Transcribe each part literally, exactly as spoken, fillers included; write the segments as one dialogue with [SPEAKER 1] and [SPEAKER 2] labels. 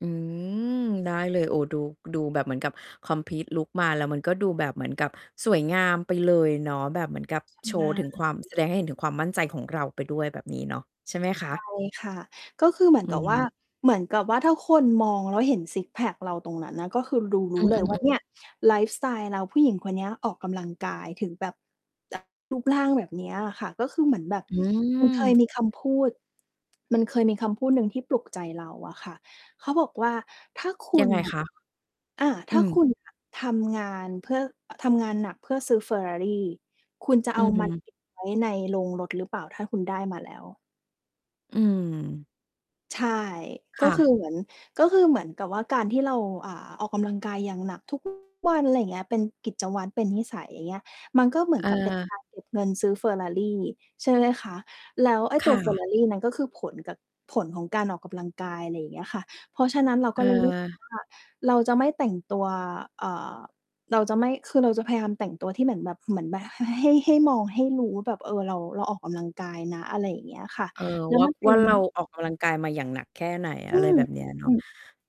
[SPEAKER 1] อืม ได้เลย โอ้ ดู ดูแบบเหมือนกับ คอมพลีตลุก มา แล้วมันก็ดูแบบเหมือนกับสวยงามไปเลยเนาะ แบบเหมือนกับ
[SPEAKER 2] ช
[SPEAKER 1] โช
[SPEAKER 2] ำน
[SPEAKER 1] ว์
[SPEAKER 2] า
[SPEAKER 1] ถึ
[SPEAKER 2] ญ
[SPEAKER 1] ง
[SPEAKER 2] อื
[SPEAKER 1] ค
[SPEAKER 2] อ
[SPEAKER 1] วาม
[SPEAKER 2] ฮึ
[SPEAKER 1] แสดงให้เห็นถึงความมั่นใจของเราไปด้วยแบบนี้เนาะ ใช่ไหม
[SPEAKER 2] ใ
[SPEAKER 1] ค
[SPEAKER 2] ช
[SPEAKER 1] ะ?
[SPEAKER 2] ่ ค่ะ ก็คือเหมื
[SPEAKER 1] อ
[SPEAKER 2] อน
[SPEAKER 1] ื
[SPEAKER 2] กับ ว่า
[SPEAKER 1] ม
[SPEAKER 2] เหมือนกับว่าถ้าคนมองแล้วเห็นซิกซ์แพ็กเราตรงนั้นน่ะ ก็คือดูรู
[SPEAKER 1] อื
[SPEAKER 2] ้เลย ว่า
[SPEAKER 1] อ
[SPEAKER 2] เนี่
[SPEAKER 1] ๆ ๆ
[SPEAKER 2] ย ไลฟ์สไตล์เรา ผู้หญิงคนเนี้ยออกกำลังกายถึงแบบ จาก รูปร่างแบบเนี้ยอะค่ะ ก็คือเหมือนแบบ
[SPEAKER 1] อื
[SPEAKER 2] มันเคย
[SPEAKER 1] ม
[SPEAKER 2] มีคำพูด มันเคยมีคำพูดหนึ่งที่ปลุกใจเราอะค่ะ เขาบอกว่า "ถ้าคุ
[SPEAKER 1] ยั
[SPEAKER 2] ณ
[SPEAKER 1] งไง
[SPEAKER 2] น่ะ
[SPEAKER 1] คะ?
[SPEAKER 2] อา
[SPEAKER 1] อ
[SPEAKER 2] ถ
[SPEAKER 1] ื
[SPEAKER 2] ้าค
[SPEAKER 1] ม
[SPEAKER 2] ุณ น่ะ ทำงานเพ่อ อ ทำงานหนักเพื่อซื้อ Ferrari คุณจะ
[SPEAKER 1] อ
[SPEAKER 2] เ
[SPEAKER 1] ื
[SPEAKER 2] อา
[SPEAKER 1] อฮ
[SPEAKER 2] มัน
[SPEAKER 1] ึ
[SPEAKER 2] เก็บ ไว้ในโรงรถหรือเปล่า? ถ้าคุณได้มาแล้ว"
[SPEAKER 1] อืม
[SPEAKER 2] ใช่
[SPEAKER 1] ค
[SPEAKER 2] ก็
[SPEAKER 1] ่
[SPEAKER 2] คื
[SPEAKER 1] ะ
[SPEAKER 2] อเหมือน ก็คือเหมือนกับว่าการที่เรา อ่า ออกกำลังกายอย่างหนัก ทุก วัน ไรเงี้ย เป็นกิจวัตร เป็นนิสัย อย่างเงี้ย มันก็เหมือ
[SPEAKER 1] เ
[SPEAKER 2] นกับเป็น ก
[SPEAKER 1] ออ
[SPEAKER 2] าร เก็บเงินซื้อ Ferrari ใช่ไหมคะ แล้วไอ้
[SPEAKER 1] ค
[SPEAKER 2] ตั
[SPEAKER 1] ่
[SPEAKER 2] ว
[SPEAKER 1] ะ
[SPEAKER 2] Ferrari นั้นก็คือผลกับ ผลของการออกกำลังกาย ไรเงี้ยค่ะ เพราะฉะนั้น เรา
[SPEAKER 1] เ
[SPEAKER 2] ก็เลย รู้สึก
[SPEAKER 1] ออ
[SPEAKER 2] ว่า เราจะไม่แต่งตัว อ่า เราจะไม่ คือเราจะพยายามแต่งตัวที่เหมือนแบบ เหมือนแบบ ห ห ให้ ให้มองให้รู้ว่าแบบ เออ เรา เราออกกำลังกายนะ อะไรอย่างเงี้ยค่ะ
[SPEAKER 1] เออ
[SPEAKER 2] แล้ว
[SPEAKER 1] ว่า
[SPEAKER 2] มันเป
[SPEAKER 1] ว
[SPEAKER 2] ็
[SPEAKER 1] ่
[SPEAKER 2] น
[SPEAKER 1] า
[SPEAKER 2] เง
[SPEAKER 1] เร
[SPEAKER 2] ิ
[SPEAKER 1] า
[SPEAKER 2] น
[SPEAKER 1] ออกกำลังกายมาอย่างหนักแค่ไหน
[SPEAKER 2] อ
[SPEAKER 1] อ
[SPEAKER 2] ื
[SPEAKER 1] ะไรแ
[SPEAKER 2] ม
[SPEAKER 1] บ
[SPEAKER 2] ๆ
[SPEAKER 1] บเนี้ย
[SPEAKER 2] ๆ
[SPEAKER 1] เน
[SPEAKER 2] ๆ
[SPEAKER 1] า
[SPEAKER 2] อื
[SPEAKER 1] ะ
[SPEAKER 2] อ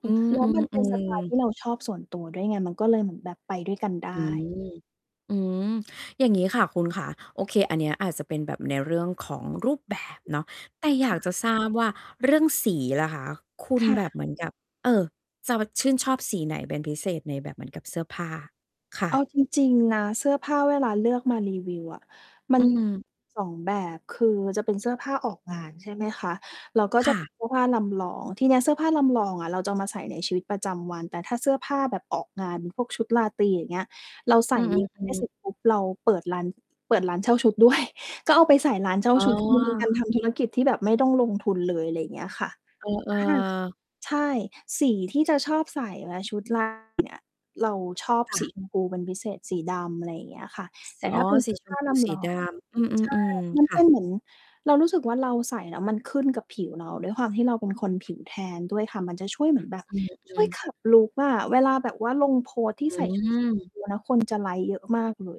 [SPEAKER 1] อืม
[SPEAKER 2] แล้วมัน
[SPEAKER 1] ๆ
[SPEAKER 2] เ
[SPEAKER 1] อ
[SPEAKER 2] ป
[SPEAKER 1] ื
[SPEAKER 2] ็นสไตล์ท
[SPEAKER 1] ม
[SPEAKER 2] ี่เราชอบ ส่วนตัวด้วยไง มันก็เลยเหมือนแบบไปด้วยกันได้
[SPEAKER 1] อืม อืม อย่างงี้ค่ะคุณขา โอเค อันเนี้ยอาจจะเป็นแบบในเรื่องของรูปแบบเนาะ แต่อย
[SPEAKER 2] ค
[SPEAKER 1] า
[SPEAKER 2] ่
[SPEAKER 1] กจะ
[SPEAKER 2] ะ
[SPEAKER 1] ทราบว่าเรื่องสีล่ะคะ คุณ
[SPEAKER 2] ค่
[SPEAKER 1] แบบ
[SPEAKER 2] ะ
[SPEAKER 1] เหมือนกับ เอ่อ จะว่า ชื่นชอบสีไหนเป็นพิเศษในแบบเหมือนกับเสื้อผ้า? ค่
[SPEAKER 2] เ
[SPEAKER 1] ะ
[SPEAKER 2] อาจริง ๆ นะ เสื้อผ้า เวลาเลือกมารีวิวอะ มั
[SPEAKER 1] อื
[SPEAKER 2] นม
[SPEAKER 1] ม
[SPEAKER 2] ี สอง แบบ คือมันจะเป็นเสื้อผ้าออกงาน ใช่ไหมคะ แล้วก็
[SPEAKER 1] ค
[SPEAKER 2] จะ
[SPEAKER 1] ่
[SPEAKER 2] เป็
[SPEAKER 1] ะ
[SPEAKER 2] น เสื้อผ้าลำลอง ทีเนี้ยเสื้อผ้าลำลองอะ เราจะเอามาใส่ในชีวิตประจำวัน แต่ถ้าเสื้อผ้าแบบออกงาน พวกชุดราตรี อย่างเงี้ย เราใส
[SPEAKER 1] อื
[SPEAKER 2] ่ มิกซ์ ให้
[SPEAKER 1] อ
[SPEAKER 2] ส
[SPEAKER 1] ๆ ๆ
[SPEAKER 2] ุดปุ๊บ เราเปิดร้าน เปิดร้านเช่าชุด ด้วย ก็เอาไปใส่ร้านเช่า
[SPEAKER 1] อ๋
[SPEAKER 2] ชุด คือมันเป็นการท
[SPEAKER 1] อ
[SPEAKER 2] ำธุรกิจที่แบบไม่ต้องลงทุนเลย อะไรเงี้ยค่ะ
[SPEAKER 1] เออ
[SPEAKER 2] อา
[SPEAKER 1] ๆ
[SPEAKER 2] ใช่ สีที่จะชอบใส่และชุด ราตรี เนี่ย เราชอบ
[SPEAKER 1] ค่
[SPEAKER 2] ส
[SPEAKER 1] ะ
[SPEAKER 2] ีชมพูเป็นพิเศษ สีดำ อะไรอย่างเงี้ยค่ะ
[SPEAKER 1] ส
[SPEAKER 2] แต่
[SPEAKER 1] อ
[SPEAKER 2] ถ
[SPEAKER 1] ๋
[SPEAKER 2] ้
[SPEAKER 1] อ
[SPEAKER 2] าเป็น เ
[SPEAKER 1] ส
[SPEAKER 2] ส
[SPEAKER 1] ี
[SPEAKER 2] ื้อ
[SPEAKER 1] ช
[SPEAKER 2] ผ
[SPEAKER 1] ม
[SPEAKER 2] ้า
[SPEAKER 1] พู
[SPEAKER 2] ล
[SPEAKER 1] ส
[SPEAKER 2] ำ
[SPEAKER 1] ี
[SPEAKER 2] ลอ
[SPEAKER 1] ด
[SPEAKER 2] ง
[SPEAKER 1] าม อื
[SPEAKER 2] ใช่
[SPEAKER 1] ม ๆ
[SPEAKER 2] มัน
[SPEAKER 1] ๆ ค
[SPEAKER 2] เ
[SPEAKER 1] ่
[SPEAKER 2] ป
[SPEAKER 1] ะ
[SPEAKER 2] ็นเหมือน เรารู้สึกว่า เราใส่แล้วมันขึ้นกับผิวเรา ด้วยความที่เราเป็นคนผิวแทนด้วยค่ะ มันจะช่วยเหมือนแบบ
[SPEAKER 1] อ
[SPEAKER 2] ช
[SPEAKER 1] ื
[SPEAKER 2] ่ว
[SPEAKER 1] อ
[SPEAKER 2] ย
[SPEAKER 1] ๆ
[SPEAKER 2] ขับลุกอะ เวลาแบบว่าลงโพสต์ที
[SPEAKER 1] อ
[SPEAKER 2] ่
[SPEAKER 1] ื
[SPEAKER 2] ใส่ ชุดสีชม
[SPEAKER 1] ม
[SPEAKER 2] พู แล้วคนจะไลก์เยอะมากเลย